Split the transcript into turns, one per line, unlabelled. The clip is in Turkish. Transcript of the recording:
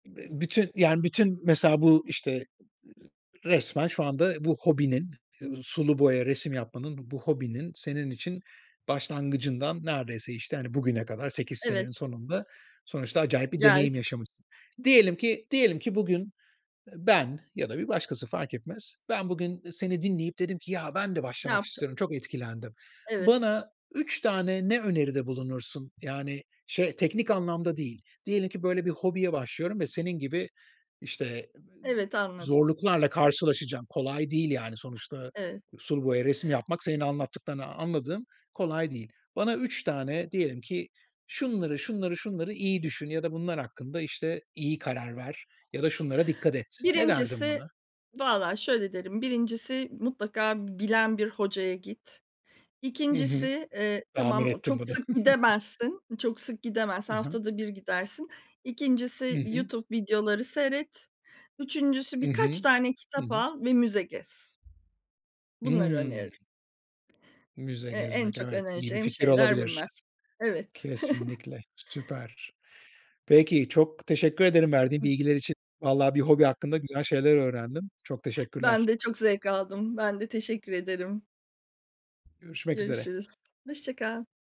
Bü bütün, yani, bütün mesela bu, işte, ııı, resmen şu anda bu hobinin, eee, sulu boya resim yapmanın, bu hobinin senin için başlangıcından neredeyse, işte, hani, bugüne kadar 8
Evet.
senenin sonunda sonuçta acayip bir deneyim
Geldik.
yaşamışsın. Diyelim ki, diyelim ki bugün, eee, ben ya da bir başkası, fark etmez. Ben bugün, eee, seni dinleyip dedim ki, “Ya, ben de
Ne
başlamak
yapaca
istiyorum, çok etkilendim.”
Evet.
Bana 3 tane ne öneride bulunursun? Yani, şey, teknik anlamda değil. Diyelim ki, böyle, bir hobiye başlıyorum ve senin gibi, işte,
Evet, anladım.
zorluklarla karşılaşacağım. Kolay değil, yani, sonuçta
Evet.
sulu boya resim yapmak, senin anlattıklarından anladığım, kolay değil. Bana 3 tane diyelim ki: “Şunları, şunları, şunları iyi düşün ya da bunlar hakkında, işte, iyi karar ver ya da şunlara dikkat et.” Ne derdin
Birincisi
bana?
valla şöyle derim: 1'incisi mutlaka b bilen bir hocaya git.
Hı hı.
2'ncisi, eee,
Tahmin
tamam, o
ettim
çok
bunu.
sık gidemezsin, çok sık gidemez,
Hı hı.
haftada 1 gidersin.
Hı
2'ncisi
hı.
YouTube videoları seyret. 3'üncüsü
Hı
birkaç
hı.
tane
Hı
kitap
hı.
al ve müze gez. Bunları
Hıı.
öneririm.
Müze
Eee, en
gezmek,
çok
evet, iyi bir
önereceğim
fikir
şeyler
olabilir.
bunlar. Evet.
Kesinlikle. Süper. Peki. Çok teşekkür ederim verdiğin
Hı.
bilgiler için. Valla bir hobi hakkında güzel şeyler öğrendim. Çok
Ben
teşekkürler.
de çok zevk aldım. Ben de teşekkür ederim.
Görüşmek üzere.
Görüşürüz. Hoşça kal.